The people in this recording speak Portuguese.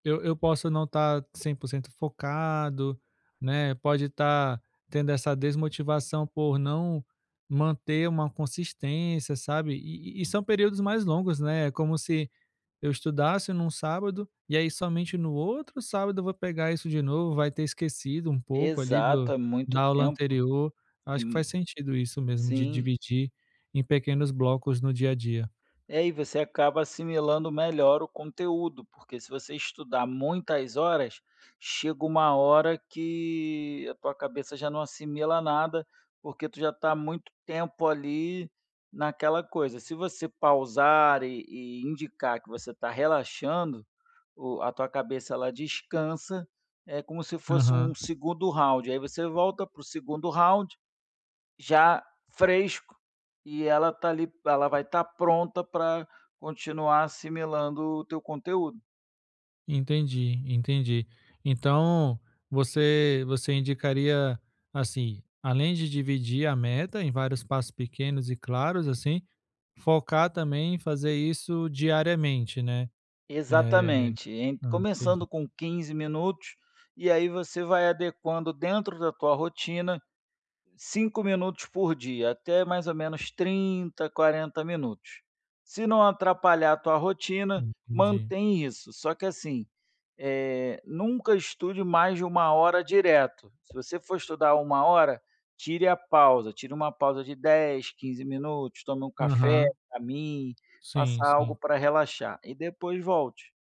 Eu eu posso não estar 100% focado, né, pode estar tendo essa desmotivação por não manter uma consistência, sabe, e e são períodos mais longos, né, é como se eu estudasse num sábado e aí somente no outro sábado eu vou pegar isso de novo, vai ter esquecido um pouco ali Exato. do É muito da aula tempo. anterior. É Acho que faz m sentido isso mesmo de Sim. dividir em pequenos blocos no dia a dia. É, e você acaba assimilando melhor o conteúdo, porque se você estudar muitas horas, chega uma hora que a tua cabeça já não assimila nada, porque tu já está há muito tempo ali naquela coisa, se você pausar e e indicar que você tá relaxando, o a tua cabeça ela descansa. É como se fosse Aham. um 2º round, aí você volta para o 2º round já fresco e ela está ali ela vai estar pronta para continuar assimilando o teu conteúdo. Entendi, entendi. Então você você indicaria, assim, além de dividir a meta em vários passos pequenos e claros, assim, focar também em fazer isso diariamente, né? É. Exatamente, em Hã. começando Entendi. com 15 minutos, e aí você vai adequando dentro da tua rotina 5 minutos por dia, até mais ou menos 30, 40 minutos. Se não atrapalhar a tua rotina, Entendi. mantém isso, só que assim, eh, nunca estude mais de 1 hora direto, se você for estudar 1 hora, tire a pausa, tire uma pausa de 10, 15 minutos, tome um café, Aham. caminhe, Sim, faça sim. algo pra relaxar e depois volte.